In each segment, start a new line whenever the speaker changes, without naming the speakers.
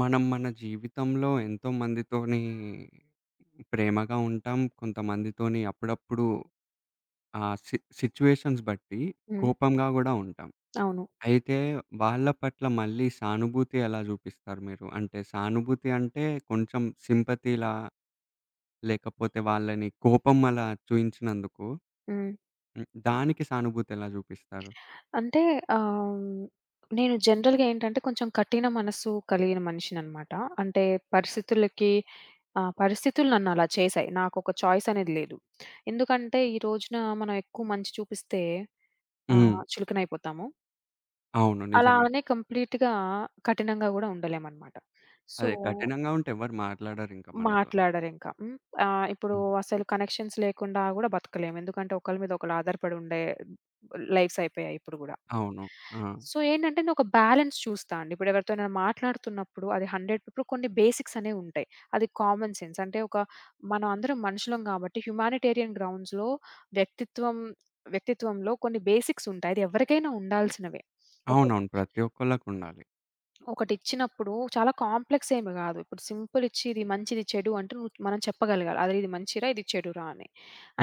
మనం మన జీవితంలో ఎంతోమందితోని ప్రేమగా ఉంటాం. కొంతమందితోని అప్పుడప్పుడు ఆహ్, సి సిట్యుయేషన్స్ బట్టి
హ్మ్.
కోపంగా గూడా ఉంటాం.
అవును.
అయితే వాళ్ళ పట్ల మళ్ళీ సానుభూతి ఎలా జూపిస్తారు మీరు? అంటే సానుభూతి అంటే కొంచెం సింపతీ‌లా లేకపోతే వాళ్ళని కోపం అలా చూయించినందుకు,
హ్మ్.
హ్మ్. దానికి సానుభూతెలా జూపిస్తారు?
అంటే ఆహ్, నేను జనరల్‌గా ఏంటంటే, కొంచెం కఠిన మనస్సు కలిగిన మనిషినన్నమాట. అంటే పరిస్థితులకి ఆహ్, పరిస్థితులు నన్ను అలా చేసాయి. నాకొక చాయిస్ అనేది లేదు. ఎందుకంటే, ఈరోజున మనం ఎక్కువ మంచి చూపిస్తే ఆహ్,
హ్మ్.
చులకనయిపోతాము.
అవును.
అలా
నిజమే.
అనే కంప్లీట్‌గా కఠినంగా గూడా ఉండలేమన్నమాట. సో
అదే. కఠినంగా ఉంటే ఎవరు మాట్లాడరింకా మనతో.
మాట్లాడరింకా. హ్మ్. ఆహ్, ఇప్పుడు
హ్మ్.
అసలు కనెక్షన్స్ లేకుండా గూడా బతకలేము. ఎందుకంటే, ఒకళ్ళ మీద ఒకళ్ళు ఆధారపడి ఉండే లైఫ్స్ అయిపోయాయి ఇప్పుడు గూడా.
అవును. ఆ!
సో ఏంటంటే నేను ఒక బ్యాలన్స్ చూస్తా అండి. ఇప్పుడెవరితోనైనా మాట్లాడుతున్నప్పుడు అది హండ్రెడ్ ఇప్పుడు కొన్ని బేసిక్స్ అనేవి ఉంటాయి. అది కామన్ సెన్స్. అంటే ఒక మనం అందరం మనుషులం గాబట్టి హ్యుమానిటేరియన్ గ్రౌండ్స్‌లో వ్యక్తిత్వం వ్యక్తిత్వంలో కొన్ని బేసిక్స్ ఉంటాయి. అది ఎవరికైనా ఉండాల్సినవే. ఒక
అవునవును. ప్రతి ఒక్కళ్ళకుండాలి.
ఒకటిచ్చినప్పుడు, చాలా కాంప్లెక్సేమి కాదు. ఇప్పుడు సింపులిచ్చి ఇది మంచి, ఇది చెడు అంటు మనం చెప్పగలగాల. అది ఇది మంచి రా, ఇది చెడురా అని.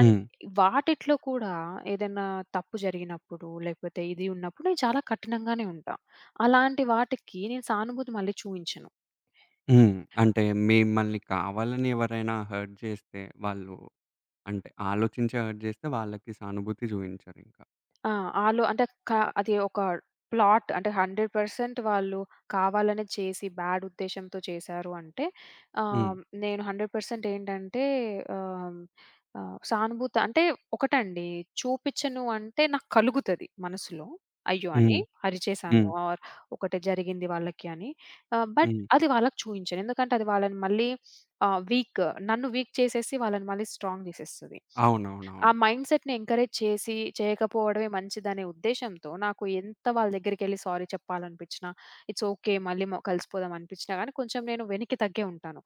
అన్ వాటిట్లో కూడా ఏదన్నా తప్పు జరిగినప్పుడు, లేకపోతే ఇది ఉన్నప్పుడు నేను చాలా కఠినంగానే ఉంటా. అలాంటి వాటికి నేను సానుభూతి మళ్ళీ చూయించను.
హ్మ్. అంటే మిమ్మల్ని కావాలని ఎవరైనా హర్ట్ చేస్తే, వాళ్ళు అంటే, ఆలోచించి హర్ట్ జేస్తే వాళ్ళకి సానుభూతి చూపించరు ఇంకా.
ఆ! ఆళ్ళు అంటే క అది ఒక ప్లాట్ అంటే 100% వాళ్ళు కావాలనే చేసి, బ్యాడ్ ఉద్దేశ్యంతో చేసారు అంటే,
హ్మ్.
ఆహ్, నేను 100 పర్సెంటేంటంటే, ఆహ్, ఆహ్, సానుభూతి అంటే ఒకటండీ చూపిచ్చను అంటే, నాకు కలుగుతది మనసులో. అయ్యో! అని.
హ్మ్.
అరిచేసాను
హ్మ్.
ఆర్ ఒకటి జరిగింది వాళ్ళకి అని. ఆహ్, బట్
హ్మ్.
అది వాళ్ళకి చూయించను. ఎందుకంటే, అది వాళ్ళని మళ్ళీ ఆహ్, వీక్ నన్ను వీక్ చేసేసి వాళ్ళని మళ్ళీ స్ట్రాంగ్ చేసేస్తది. ఆ
అవునవునవును.
మైండ్‌‌సెట్‌ని ఎంకరేజ్ చేసి చేయకపోవడమే మంచిదనే ఉద్దేశ్యంతో, నాకు ఎంత వాళ్ళ దగ్గరికెళ్లి సారీ చెప్పాలనిపిచ్చినా, ఇట్స్ ఓకే. మళ్ళీ మ కలిసిపోదాం అనిపిచ్చినా గాని కొంచెం నేను వెనక్కి తగ్గే ఉంటాను.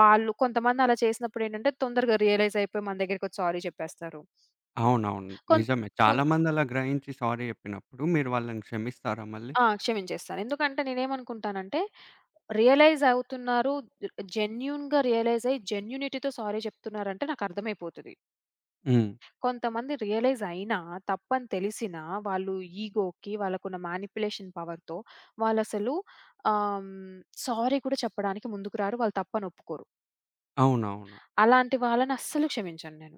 వాళ్ళు కొంతమంది అలా చేసినప్పుడేంటంటే, తొందరగా రియలైజ్ అయిపోయి మన దగ్గరకొచ్చి సారీ చెప్పేస్తారు.
అవునవును.
కొం
నిజమే.
కొం
చాలా మంది అలా గ్రహించి సారీ చెప్పినప్పుడు మీరు వాళ్ళని క్షమిస్తారా మళ్ళీ?
ఆ! క్షమించేస్తాను. ఎందుకంటే నేనేమనుకుంటానంటే, రియలైజ్ అవుతున్నారు, జెన్యూన్‌గా రియలైజయ్యి, జెన్యూనిటీ‌తో సారీ చెప్తున్నారంటే నాకర్థమైపోతది.
హ్మ్.
కొంతమంది రియలైజయినా, తప్పని తెలిసినా, వాళ్ళు ఇగోకి, వాళ్ళకున్న మానిప్యులేషన్ పవర్‌తో వాళ్ళసలు ఆహ్, హ్మ్, సారీ కూడా చెప్పడానికి ముందుకు రారు. వాళ్ళు తప్పని ఒప్పుకోరు.
అవునవును.
అలాంటి వాళ్ళని అస్సలు క్షమించను నేను.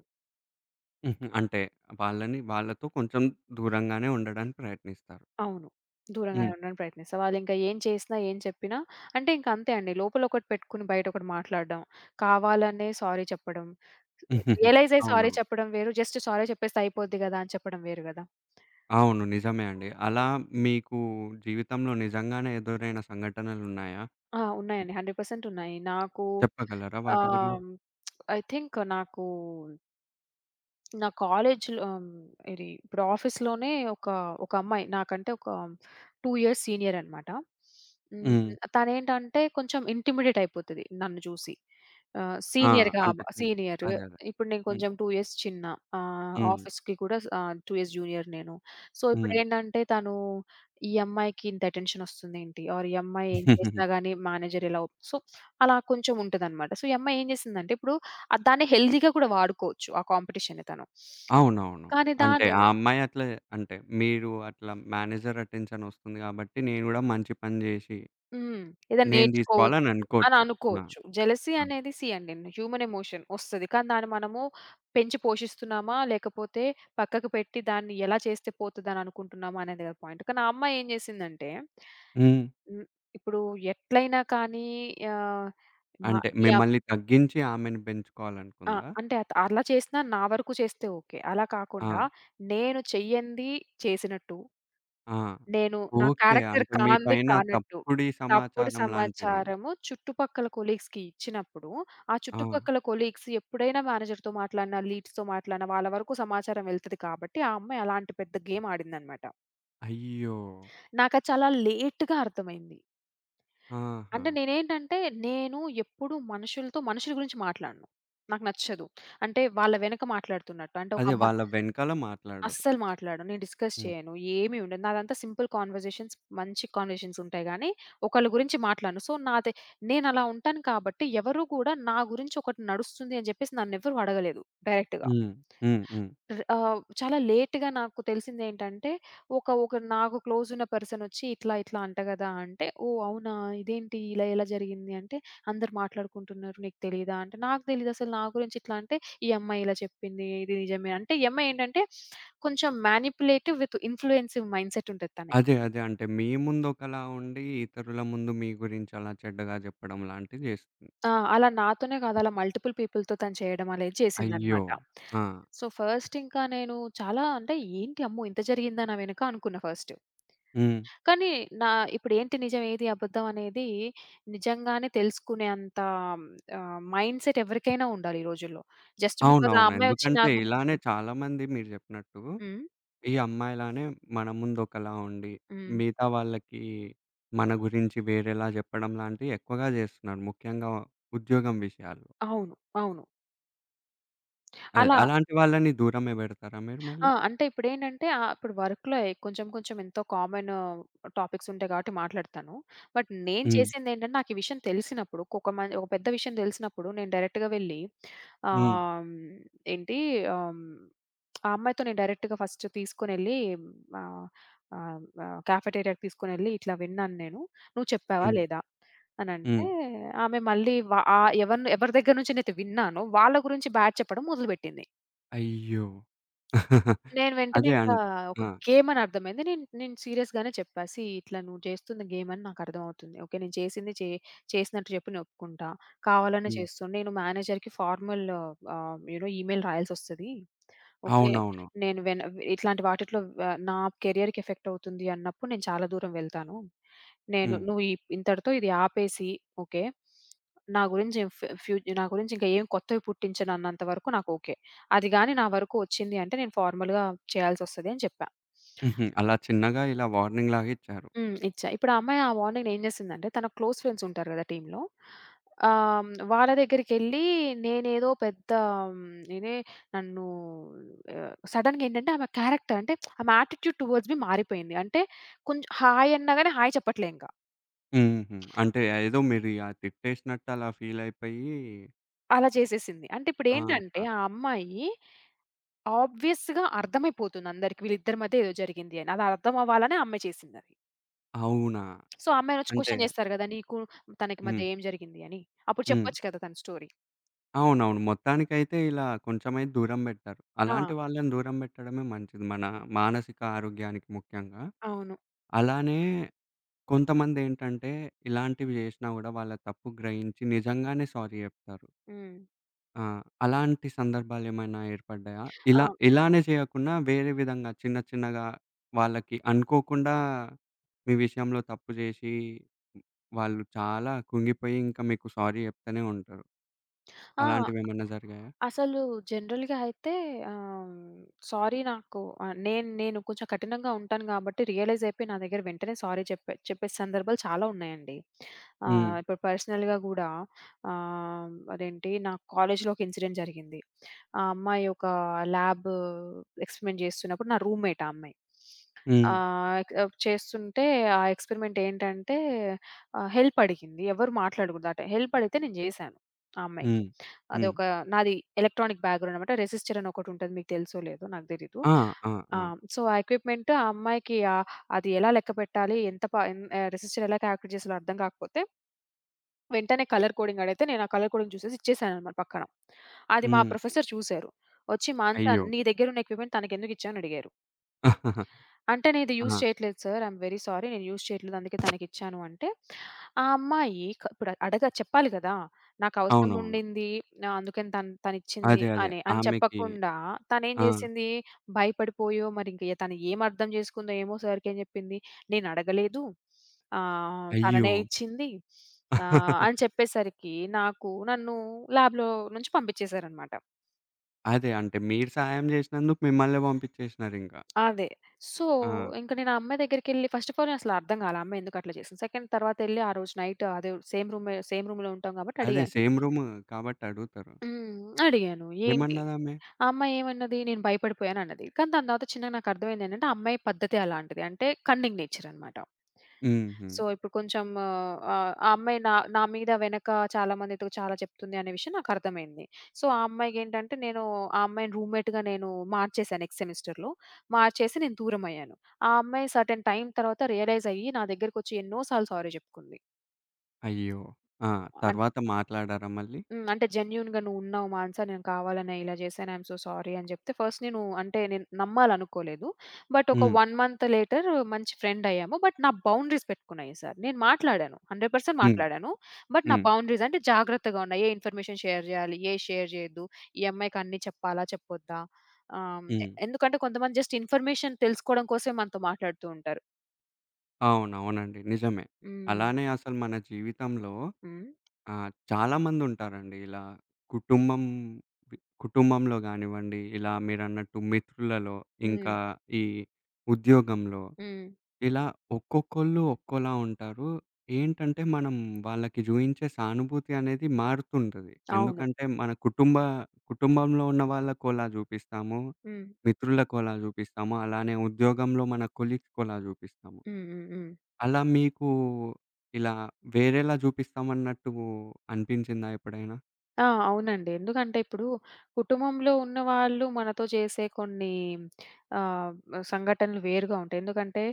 హుహు. అంటే వాళ్ళని వాళ్ళతో కొంచేం దూరంగానే ఉండడానికి ప్రయత్నిస్తారు.
అవును. దూరంగానే
హ్మ్.
ఉండడానికి ప్రయత్నిస్తా. వాళ్ళింకా ఏం చేసినా, ఏం చెప్పినా అంటే ఇంకంతే అండి. లోపలొకటి పెట్టుకొని బయటొకటి మాట్లాడడం. కావాలనే సారీ చెప్పడం. రియలైజ్ అయ్యి సారీ
అవునవును.
చెప్పడం వేరు. జస్ట్ సారీ చెప్పేస్తే అయిపోద్ది గదా! అని చెప్పడం వేరు గదా!
అవును. నిజమే అండి. అలా మీకు జీవితంలో నిజంగానే ఎదురైన సంఘటనలున్నాయా?
ఆ! ఉన్నాయండి. 100 పర్సెంటున్నాయి. నాకు
చెప్పగలరా? వాటి గురిం
ఆహ్, ఐ థింక్ నాకూ నా కాలేజ్‌లో ఆ! హ్మ్. ఇది ఇప్పుడు ఆఫీస్‌లోనే ఒకా ఒకమ్మాయి. నాకంటే ఒక 2 ఇయర్స్ సీనియరనమాట. హ్మ్.
హ్మ్.
తనేంటంటే, కొంచేం ఇంటిమిడేటయిపోతది. నన్ను చూసి. ఆహ్,
ఆ!
సీనియర్‌గా
అంత
అవ
చిన్
సీనియరు.
అదే. అదే.
ఇప్పుడు నేను
హ్మ్.
కొంచేం 2 ఇయర్స్ చిన్న. ఆహ్,
హ్మ్.
ఆఫీస్‌కి కూడా ఆహ్, 2 ఇయర్స్ జూనియర్ నేను. సో,
హ్మ్.
ఇప్పుడేందంటే, తనూ ఈ అమ్మాయికి ఇంత అటెన్షనొస్తుందేంటి ఆర్ ఈ అమ్మాయి ఏం చేసినా గానీ మేనేజర్ ఇలా ఒప్ సో, అలా కొంచేం ఉంటదనమాట. సో, ఈ అమ్మాయి ఏం చేసిందంటే, ఇప్పుడు దాన్ని హెల్తీగా కూడా వాడుకోవచ్చు. ఆ కాంపిటీషన్‌ని తను.
అవునవును.
కానీ
అంటే
దాను
ఆ అమ్మాయి అట్లా అంటే, మీరు అట్లా మేనేజర్ అటెన్‌షన్ ఒస్తుంది గాబట్టి, నేను గూడా మంచి పని జేసి,
హ్మ్. ఏదైనా
నేను
నేర్చుకోవచ్చు, అని
దీసుకోవాలననుకోచ్చు. ఆ!
అనుకోచ్చు. జలసీ
ఆ!
అనేది సీ అండి, హ్యూమన్ ఎమోషన్. వస్తది. కానీ దాన్ని మనము పెంచి పోషిస్తున్నామా, లేకపోతే పక్కకు పెట్టి, దాన్ని ఎలా చేస్తే పోతదని అనుకుంటున్నామా, అనేది గదా పాయింట్. కానీ ఆ అమ్మాయేం జేసిందంటే
హ్మ్.
హ్మ్. ఇప్పుడు ఎట్లైనా కానీ ఆహ్, మ
అంటే
యవ్
మిమ్మల్ని తగ్గించి ఆమెను
ఆ!
పెంచుకోవాలనుకుందా?
అంటే అత్ అలా చేసినా నా వరకు చేస్తే ఓకే. అలా కాకుండా
ఆ!
నేను చెయ్యంది చేసినట్టు,
ఆ!
నేను నా
ఓకే.
క్యారెక్టర్
అంటే మీ
కానిది
పైన
కానట్టు,
తప్పుడి
తప్పుడు
సమాచారం లాంటిది.
సమాచారము చుట్టుపక్కల కొలీగ్స్‌కిచ్చినప్పుడు, ఆ
ఆ!
చుట్టుపక్కల కొలీగ్స్ ఎప్పుడైనా మేనేజర్‌తో మాట్లాడినా, లీడ్స్‌తో మాట్లాడినా వాళ్ళ వరకు సమాచారం వెళ్తది. కాబట్టి ఆ అమ్మాయి అలాంటి పెద్ద గేమాడిందనమాట.
అయ్యో!
నాకది చాలా లేట్‌గా అర్థమైంది. అంటే
ఆహా!
నేనేంటంటే నేను ఎప్పుడూ మనుషులతో మనుషుల గురించి మాట్లాడను. నాకు నచ్చదు. అంటే వాళ్ళ వెనక మాట్లాడుతున్నట్టు అంటే ఒక
అదే.
అమ్మా
వాళ్ళ వెనకాల మాట్లాడరు.
అస్సలు మాట్లాడను. నేను డిస్‌కస్
హ్మ్.
చేయను. ఏమి ఉండదు. నాదంతా సింపుల్ కన్వర్‌జేషన్స్ మంచి కన్వర్‌జేషన్స్ ఉంటాయి గానీ, ఒకళ్ళ గురించి మాట్లాడను. సో, నాదే నేనలా ఉంటాను కాబట్టి ఎవరు కూడా నా గురించి ఒకటి నడుస్తుంది అని జెప్పేసి నన్ను ఎవరు అడగలేదు డైరెక్ట్‌గా.
హ్మ్. హ్మ్. హ్మ్.
ర్ ఆహ్, చాలా లేట్‌గా నాకు తెలిసిందేంటంటే, ఒక ఒక నాకు క్లోజున్న పర్సనొచ్చి "ఇట్లా ఇట్లా అంట గదా!" అంటే ఓహ్! అవునా? ఇదేంటి ఇలా ఎలా జరిగింది? అంటే "అందరూ మాట్లాడుకుంటున్నారు నీకు తెలీదా?" అంటే నాకు తెలీదసలు నా గురించి ఇట్లా అంటే, ఈ అమ్మాయి ఇలా చెప్పింది ఇది నిజమే అంటే ఈ అమ్మాయి ఏంటంటే, కొంచెం మానిప్యులేటివ్ విత్ ఇన్‌ఫ్లూయెన్సివ్ మైండ్‌సెట్ ఉంటది తనకి.
అదే. అదే. అంటే మీ ముందు ఒకలా ఉండి ఇతరుల ముందు మీ గురించి అలా చెడ్డగా చెప్పడం లాంటివి జేస్తుంది.
ఆ! అలా నాతోనే గాదు. అలా మల్టిపుల్ పీపుల్‌తో తను చేయడం అనేది
అయ్యో!
చేసిందన్నమాట.
ఆ!
సో, ఫస్ట్ ఇంకా నేను చాలా అంటే ఏంటి అమ్మో! ఇంత జరిగింది నా వెనుక అనుకున్న ఫస్టు.
హ్మ్.
కానీ నా ఇప్పుడు ఏంటి నిజం? ఏది అబద్ధం? అనేది నిజంగానే తెలుసుకునే అంత ఆహ్, మైండ్‌సెట్ ఎవరికైనా ఉండాలి ఈ రోజుల్లో. జస్ట్ బీకాస్ ఆ
అవునవును.
అమ్మాయోచ్చి నా
ఎందుకంటే,
గురించి
ఇలానే చాలామంది మీరు జెప్పినట్టు
హ్మ్.
ఈ అమ్మాయిలానే మన ముందు ఒకలా ఉండి,
హ్మ్.
మిగతా వాళ్ళకి మన గురించి వేరేలా జెప్పడం లాంటివి ఎక్కువగా జేస్తున్నారు. ముఖ్యంగా ఉద్యోగం విషయాల్లో.
అవును. అవును.
అది
అలా
అలాంటి వాళ్ళని దూరమే బెడతారా మీరు మళ్ళీ?
ఆ! అంటే ఇప్పుడేంటంటే, ఆ! ఇప్పుడు వర్క్‌లో కొంచేం కొంచేం ఎంతో కామను టాపిక్సుంటాయి కాబట్టి మాట్లాడతాను. బట్ నేను
హ్మ్.
చేసిందేంటంటే, నాకు ఈ విషయం తెలిసినప్పుడు ఒక్కొక మ ఓ పెద్ద విషయం దెలిసినప్పుడు నేను డైరెక్ట్‌గా వెళ్ళి, ఆహ్,
హ్మ్.
హ్మ్, ఏంటి ఆహ్, ఆ అమ్మాయితో నేను డైరెక్ట్‌గా ఫస్ట్ తీసుకొనెళ్ళి, ఆహ్, ఆహ్, కెఫెటేరియాకి తీసుకొనెళ్ళి, ఇట్లా విన్నాను నేను. నువ్వు చెప్పావా,
హ్మ్.
లేదా అనంటే
హ్మ్.
ఆమె మళ్ళీ వ ఆహ్, ఎవరిని ఎవరి దగ్గర నుంచి నేను విన్నానో వాళ్ళ గురించి బ్యాడ్ చెప్పడం మొదలుబెట్టింది.
అయ్యో!
నేను వెంటనే
అది
ఇంకా
అన్
ఒక
ఆ!
గేమని అర్థమైంది. నేను నేను సీరియస్‌గానే చెప్పా సీ ఇట్లా నువ్వు చేస్తుంది గేమని నాకర్థమవుతుంది. ఓకే. నేను చేసింది చే చేసినట్టు చెప్పు నేనొప్పుకుంటా, కావాలనే
హ్మ్.
చేస్తూ నేను మేనేజర్‌కి formal ah, you know email రాయాల్సొస్తది. ఓకే.
అవునవును.
నేను వెన్ ఇట్లాంటి వాటిల్లో వ నా కెరియర్‌కి ఎఫెక్టవుతుంది అన్నప్పుడు నేను చాలా దూరం వెళ్తాను. నేను
హ్మ్.
నువ్వు ఇంతటితో ఇది ఆపేసి ఓకే, నా గురించి ఫ్ ఫ్ నా గురించి ఇంకేం కొత్తవి పుట్టించనన్నంత వరకు నాకు ఓకే. అది గానీ నా వరకు వచ్చింది అంటే, నేను ఫార్‌మల్‌గా చేయాల్సొస్తదని చెప్పా.
హుహు. అలా చిన్నగా ఇలా వార్నింగ్‌లాగా ఇచ్చారు.
హ్మ్. ఇచ్చా. ఇప్పుడు ఆ అమ్మాయి ఆ వార్నింగ్‌ని ఏం చేసిందంటే, తన క్లోజ్ ఫ్రెండ్సుంటారు గదా! టీమ్‌లో ఆహ్, వాళ్ళ దగ్గరికెళ్ళి నేనేదో పెద్దా హ్మ్. ఇనే నన్నూ ఆహ్, సడెన్‌గా ఏంటంటే ఆమె క్యారెక్టర్ అంటే ఆమె యాటిట్యూడ్ టువర్డ్స్ మీ మారిపోయింది. అంటే కొంచేం హాయ్! అన్నా గానీ హాయ్! చెప్పట్లేదింకా.
హుహు. అంటే ఏదో మీది అది తిట్టేసినట్టు అలా ఫీల్ అయిపోయీ
అలా జేసేసింది. అంటే ఇప్పుడేంటంటే,
ఆహా!
ఆ అమ్మాయి ఆబ్వియస్‌గా అర్థమైపోతుంది అందరికి. వీళ్ళిద్దరి మధ్య ఏదో జరిగింది అని. అర్థం అవ్వాలనే ఆ అమ్మాయి చేసిందది.
అవునా?
సో, ఆ అమ్మాయినొచ్చి
అంటే
క్వశ్చన్ జేస్తారు గదా! నీకు తనకి
హ్మ్.
మధ్య ఏం జరిగింది అని, అప్పుడు
హ్మ్.
చెప్పొచ్చు కదా! తన స్టోరీ.
అవునవును. మొత్తానికైతే ఇలా కొంచెంమైతే దూరం బెట్టారు.
ఆ!
అలాంటి వాళ్ళని దూరం పెట్టడమే మంచిది. మన మానసిక ఆరోగ్యానికి ముఖ్యంగా.
అవును.
అలానే కొంతమందేంటంటే, ఇలాంటివి జేసినా గూడా వాళ్ళ తప్పు గ్రహించి నిజంగానే సారీ జెప్తారు.
హ్మ్.
ఆ! అలాంటి సందర్భాలేమైనా ఏర్పడ్డాయా?
ఆ!
ఇలా ఇలానే చేయకున్నా వేరే విధంగా చిన్న, చిన్నగా వాళ్ళకి అనుకోకుండా, మీ విషయంలో తప్పు జేసి, వాళ్ళు చాలా కుంగిపోయి ఇంకా మీకు సారీ జెప్తనే ఉంటరు.
ఆ!
అలాంటివేమన్నా జరిగాయా?
అసలు జనరల్‌గా అయితే, ఆహ్, సారీ నాకు ఆహ్, నేను నేను కొంచెం కఠినంగా ఉంటాను గాబట్టి రియలైజైపోయి నా దగ్గర వెంటనే సారీ చెప్పే చెప్పే సందర్భాలు చాలా ఉన్నాయండి. ఆహ్,
హ్మ్.
ఇప్పుడు పర్సనల్‌గా గూడా, ఆహ్, అదేంటి నా కాలేజ్‌లో ఒక ఇన్సిడెంట్ జరిగింది. ఆ అమ్మాయి ఒక్క ల్యాబు ఎక్స్‌పెరిమెంట్ చేస్తున్నప్పుడు నా రూమ్‌మేట్ ఆ అమ్మాయి.
హ్మ్.
ఆహ్, చేస్తుంటే ఆ ఎక్స్‌పెరిమెంట్ ఏంటంటే, ఆహ్, హెల్ప్ అడిగింది ఎవరు మాట్లాడగూడదు ఆ టైంలో. హెల్ప్ అడిగితే నేను జేసాను ఆ అమ్మాయికి.
హ్మ్. హ్మ్.
అదొక నాది ఎలక్ట్రానిక్ బ్యాక్‌గ్రౌండన్నమాట రిజిస్టర్ అని ఒకటుంటది మీకు తెలుసో లేదో నాకు దెలీదు.
ఆ! ఆ!
ఆ!
ఆ!
సో, ఆ ఎక్విప్మెంట్ ఆ అమ్మాయికి ఆహ్, అది ఎలా లెక్కపెట్టాలి ఎంత ప ఎన్ ఆహ్, రిజిస్టర్ ఎలా కాలిక్యులేట్ చేస్తారో అర్థం కాకపోతే... వెంటనే కలర్ కోడింగ్ అడిగితే, నేను ఆ కలర్ కోడింగ్ జూసేసి ఇచ్చేసానన్నమాట పక్కన. అది మా
హ్మ్.
ప్రొఫెసర్ చూసారు. ఒచ్చి "మానస
అయ్యో!
నీ దగ్గరున్న ఎక్విప్మెంట్ తనకెందుకిచ్చావు?" అని అడిగారు. అంటే నేనిది యూజ్
ఆ!
చెయ్యట్లేదు sir. I am very sorry నేను యూజ్ చెయ్యట్లేదు అందుకే తనకిచ్చాను అంటే, ఆ అమ్మాయి క ఇప్పుడు అడగ చెప్పాలి గదా! నాకు
అవునవును.
అవసరముండింది అందుకని తను తనిచ్చింది
అదే. అదే.
అని అని
ఆమెకి
చెప్పకుండా తనేం
ఆ!
జేసింది, భయపడిపోయో, మరింక తనేమర్థం జేసుకుందో, ఏమో, సార్‌కేం చెప్పింది "నేనడగలేదు ఆహ్,
అయ్యో!
తననే ఇచ్చింది" ఆహ్, అని చెప్పేసరికి నాకు నన్ను ల్యాబ్‌లో నుంచి పంపించేసారన్నమాట.
అదే అంటే మీరు సహాయం చేసినందుకు మిమ్మల్నే పంపించేసినరింకా.
అదే. సో,
ఆ!
ఇంక నేను ఆ అమ్మాయి దగ్గరికెళ్ళి ఫస్ట్ ఆఫ్ ఆల్ నే అసలు అర్థం కాల. ఆమ్మాయి ఎందుకు అట్లా చేసింది. సెకండ్ తరువాత ఎళ్ళి ఆ రోజు నైట్ అదే సేమ్ రూమ్ సేమ్ రూమ్‌లో ఉంటాం కాబట్టి
అదే
అడిగా.
సేమ్ రూము కాబట్టి అడుగుతారు.
హ్మ్. అడిగాను ఏంటి
ఏమన్నది ఆమె?
ఆ అమ్మాయి ఏమన్నది నేను భయపడిపోయాను అన్నది. కానీ దాని తర్వాత చిన్నగా నాకు అర్థమైంది ఏంటంటే, ఆ అమ్మాయి పద్ధతే అలాంటిది అంటే కన్నింగ్ నేచరనమాట.
హుహు.
సో, ఇప్పుడు కొంచెం ఆహ్, ఆ అమ్మాయి నా నా మీద వెనక చాలా మందితో చాలా చెప్తుంది అనే విషయం నాకు అర్థమైంది. సో, ఆ అమ్మాయికి ఏంటంటే, నేను ఆ అమ్మాయిని రూమ్‌మేట్‌గా నేను మార్చేసాను నెక్స్ట్ సెమిస్టర్‌లో. మార్చేసి నేను దూరమయ్యాను. ఆ అమ్మాయి సెర్టైన్ టైమ్ తర్వాత రియలైజ్ అయ్యి నా దగ్గరకి వచ్చి ఎన్నో సార్లు సారీ చెప్పుకుంది.
అయ్యో! ఆ!
అంటే
తరువాత మాట్లాడారా మళ్ళీ?
హ్మ్. అంటే "జెన్యూన్‌గా నువ్వు ఉన్నావు మానస నేను కావాలనే ఇలా జేశాను, ఐ యం సో సారీ" అని జేప్తే, ఫస్ట్ నేను అంటే నేను నమ్మాలనుకోలేదు. బట్ ఒక
హ్మ్.
1 మంత్ లేటర్ మంచి ఫ్రెండ్ అయ్యాము బట్ నా బౌండరీస్ పెట్టుకున్నా ఈసారి. నేను మాట్లాడాను 100%
హ్మ్.
మాట్లాడాను బట్ నా
హ్మ్.
బౌండరీస్ అంటే జాగ్రత్తగా ఉన్నా. ఏ ఇన్ఫర్‌మేషన్ షేర్ జేయ్యాలి, ఏ షేర్ జేయొద్దు, ఈ అమ్మాయికి అన్నీ చెప్పాలా, చెప్పొద్దా ఆహ్, ఎ
హ్మ్.
ఎందుకంటే, కొంతమంది జస్ట్ ఇన్ఫర్‌మేషన్ తెలుసుకోవడం కోసమే మనతో మాట్లాడుతూంటారు.
అవును. అవునండి. నిజమే.
హ్మ్.
అలానే అసలు మన జీవితంలో
హ్మ్.
ఆహ్, చాలామందుంటారండి ఇలా కుటుంబం కుటుంబంలో గానివ్వండి, ఇలా మీరన్నట్టు మిత్రులలో, ఇంకా
హ్మ్.
ఈ ఉద్యోగంలో,
హ్మ్.
ఇలా ఒక్కొక్కళ్ళు ఒక్కోలా ఉంటారు. ఏంటంటే, మనం వాళ్ళకి జూయించే సానుభూతి అనేది మారుతుంటది.
అవును.
ఎందుకంటే, మన కుటుంబ కుటుంబంలో ఉన్న వాళ్ళకోలా జూపిస్తాము,
హ్మ్.
మిత్రులకోలా జూపిస్తాము, అలానే ఉద్యోగంలో మన కొలీగ్స్‌కోలా జూపిస్తాము.
హ్మ్. హ్మ్. హ్మ్.
అలా మీకు, ఇలా వేరేలా జూపిస్తామన్నట్టు అనిపించిందా ఎప్పుడైనా?
ఆ! అవునండి. ఎందుకంటే ఇప్పుడు, కుటుంబంలో ఉన్నవాళ్ళు మనతో చేసే కొన్ని ఆహ్, సంఘటనలు వేరుగా ఉంటాయి. ఎందుకంటే,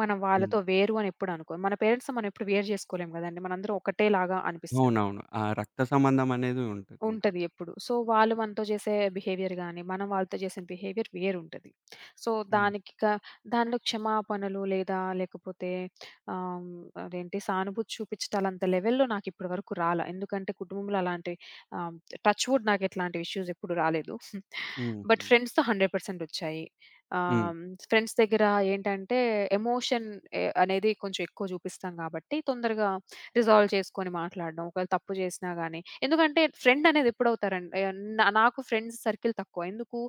మనం
హ్మ్.
వాళ్ళతో వేరు అని ఎప్పుడు అనుకో మన పేరెంట్స్‌తో మనం ఎప్పుడు వేరు జేసుకోలేం గదండీ మనందరం ఒకటే లాగా అనిపిస్తది.
అవునవును. ఆ రక్త సంబంధం అనేది ఉంటదింక.
ఉంటది ఎప్పుడు. సో, వాళ్ళు మనతో జేసే బిహేవియర్ గాని, మనం వాళ్ళతో జేసే బిహేవియర్ వేరుంటది. సో,
హ్మ్.
దానికిక దానిలో క్షమాపణలు లేదా లేకపోతే ఆహ్, అదేంటి సానుభూతి చూపిచ్చటాలంత లెవెల్‌లో నాకు ఇప్పటి వరకు రాలా. ఎందుకంటే, కుటుంబంలో అలాంటి ఆహ్, టచ్ వుడ్ నాకు ఇట్లాంటి ఇష్యూస్ ఎప్పుడూ రాలేదు.
హ్మ్.
బట్
హ్మ్.
ఫ్రెండ్స్‌తో 100% ఒచ్చాయి.
హ్మ్.
ఆహ్, ఫ్రెండ్స్ దెగ్గర ఏంటంటే, ఎమోషన్ అ అనేది కొంచెం ఎక్కువ జూపిస్తాం గాబట్టి తొందరగా రిజాల్వ్ చేసుకొని మాట్లాడడం. ఒకవేళ తప్పు జేసినా గాని, ఎందుకంటే, ఫ్రెండ్ అనేదెప్పుడవుతారండి, నా నాకు ఫ్రెండ్స్ సర్కిల్ తక్కువ. ఎందుకు,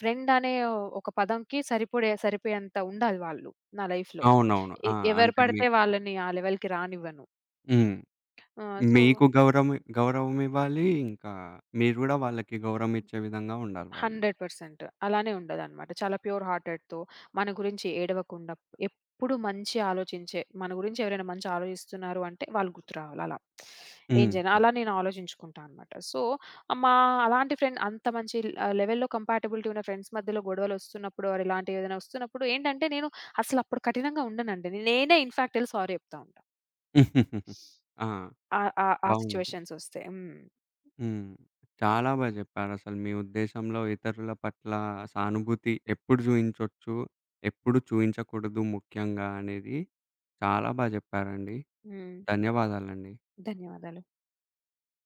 ఫ్రెండ్ అనే ఒక పదంకి సరిపడే సరిపోయేంత ఉండాలి వాళ్ళు నా లైఫ్‌లో.
అవునవును.
ఎ
ఆ!
ఎవరు
అంటే
పడితే
మీకు
వాళ్ళని ఆ లెవెల్‌కి రానివ్వను.
హ్మ్.
ఆ! సో
మీకు గౌరం గౌరవం ఇవ్వాలి ఇంకా, మీరు గూడా వాళ్ళకి గౌరవం ఇచ్చే విధంగా ఉండాలి వాళ్ళు.
100% అలానే ఉండెన్నమాట. చాలా ప్యూర్ హార్టెడ్‌తో, మన గురించి ఏడవకుండా, ఎప్పుడు మంచి ఆలోచించే, మన గురించి ఎవరైనా మంచి ఆలోచిస్తున్నారు అంటే, వాళ్ళు గుర్తు రావాలి అలా. ఈ
హ్మ్.
జనాలని నేను ఆలోచించుకుంటా అన్నమాట. సో, మా అలాంటి ఫ్రెండ్ అంత మంచి ఆహ్, లెవెల్‌లో కంపాటిబిలిటీ ఉన్న ఫ్రెండ్స్ మధ్యలో గొడవలొస్తున్నప్పుడు, ఇలాంటివి ఏదన్నొస్తున్నప్పుడు, ఏంటంటే నేను, అసలప్పుడు కఠినంగా ఉండనండి. నేనే ఇన్‌ఫాక్ట్ ఎళ్లి సారీ చెప్తా ఉంటా.
ఆ!
ఆ ఆ ఆ
బావుంది.
సిట్యుయేషన్సొ‌స్తే, హ్మ్.
హ్మ్. చాలా బా జెప్పారు. అసలు మీ ఉద్దేశంలో ఇతరుల పట్ల సానుభూతి ఎప్పుడు జూయించచ్చు, ఎప్పుడు చూయించకూడదు ముఖ్యంగా అనేవి చాలా బా జెప్పారండి.
హ్మ్.
ధన్యవాదాలండి.
ధన్యవాదాలు.